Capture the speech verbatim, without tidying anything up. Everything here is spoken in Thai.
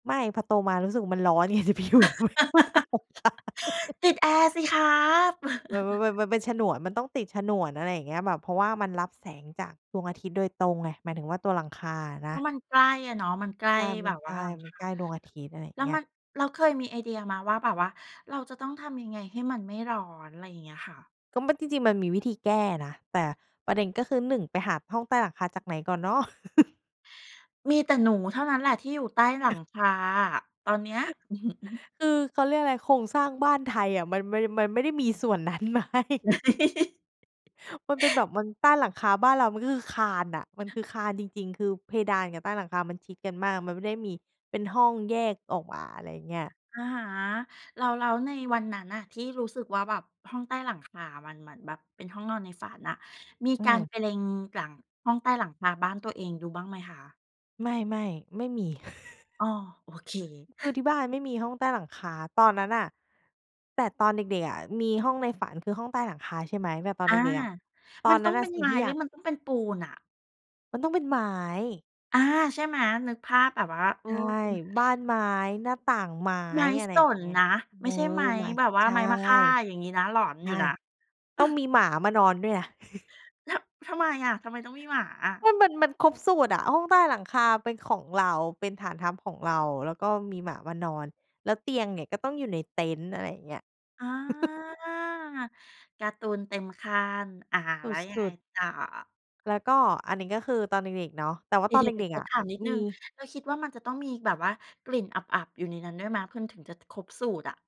ไม่ พอโตมารู้สึกมันร้อน ไง ไปอยู่ทำไมห้องใต้หลังคา ติดแอร์สิครับ แบบว่ามัน มันเป็นฉนวน มันต้องติดฉนวน อะไรอย่างเงี้ย แบบเพราะว่ามันรับแสงจากดวงอาทิตย์โดยตรงไง หมายถึงว่าตัวหลังคาอะนเะ พราะมันใกล้อะเนาะ มันใกล้ใช่ มแบัน บใชว่า่ หลังมัคนา ใกล้ดวงอาทิตย์ อะไรอย่าแลง้เวงี้มย ัน แล้วเคยมีไอเดียไหมว่าแบบว่า เราจะต้องทำยังไงให้มันไม่ร้อน? ไรอย่างเงี้ยค่ะ ก็มันจริง ๆ มันมีวิธีแก้นะ แต่ประเด็นก็คือ หนึ่ง ไปหาห้องใต้หลังคาจากไหนก่อนเนาะ มีแต่หนูเท่านั้นแหละที่อยู่ใต้หลังคา ตอนเนี้ย คือเขาเรียกอะไรโครงสร้างบ้านไทยอะ มัน มัน มันไม่ได้มีส่วนนั้น ไหม? มันเป็นแบบ มันใต้หลังคาบ้านเรามันก็คือคานน่ะ มันคือคานจริง ๆ คือเพดานกับใต้หลังคามันชิดกันมาก มันไม่ได้มีเป็นห้องแยกออกมา อะไรเงี้ย อะฮะ แล้ว แล้วในวันนั้นน่ะ ที่รู้สึกว่าแบบห้องใต้หลังคามันเหมือนแบบเป็นห้องนอนในฝันน่ะ มีอืการม ไปเล็งหลังห้องใต้หลังคาบ้านตัวเองดูบ้างไหมคะ? ไม่ ๆ ไม่มี อ๋อ โอเค คือที่บ้านไม่มีห้องใต้หลังคา ตอนนั้นน่ะ แต่ตอนเด็ก ๆ อะ มีห้องในฝันคือห้องใต้หลังคา ใช่ไหม แบบตอนอเา ด็ก ๆ อะ ตอมัน นนตั้้อนงเป็นสิ่ลงาทีย่หอรยืาอก มันต้องเป็นปูนอะ? มันต้องเป็นไม้ อา ใช่ไหม นึกภาพแบบว่า เออ ใช่ เป็น บ้านไม้ หน้าต่างไม้ ไม้อะไรสอย่างนเงี้ย นะ เอไม่อ ใช่ไม้ไม้ แบบวใ่ชา่ ไม้มะค่าอย่างงี้นะ หลอนใชอ่ ต้องมีหมามานอนด้ยูว่นะ ยนะ ทำ ทำไมอะ ทำไมต้องมีหมาอะ? มัน มัน มันครบสูตรอะ ห้องใต้หลังคาเป็นของเรา เป็นฐานทัพของเรา แล้วก็มีหมามานอน แล้วเตียงเนี่ยก็ต้องอยู่ในเต็นท์ อะไรอย่างเงี้ย อ๋อ การ์ตูนเต็มขั้น อา สแล้วยังไงุด ๆ ต่อ? แล้วก็อันนี้ก็คือตอนเด็ก ๆ เนาะ แต่ว่เาดีตอนเด๋ย็ว ๆ ๆ ก ขๆ ออะ ถามนิดหนมี ึ่ง เราคิดว่ามันจะต้องมีแบบว่ากลิ่นอับ ๆ อยู่ในนั้นด้วยไหม มันถึงจะครบสูตรอะ?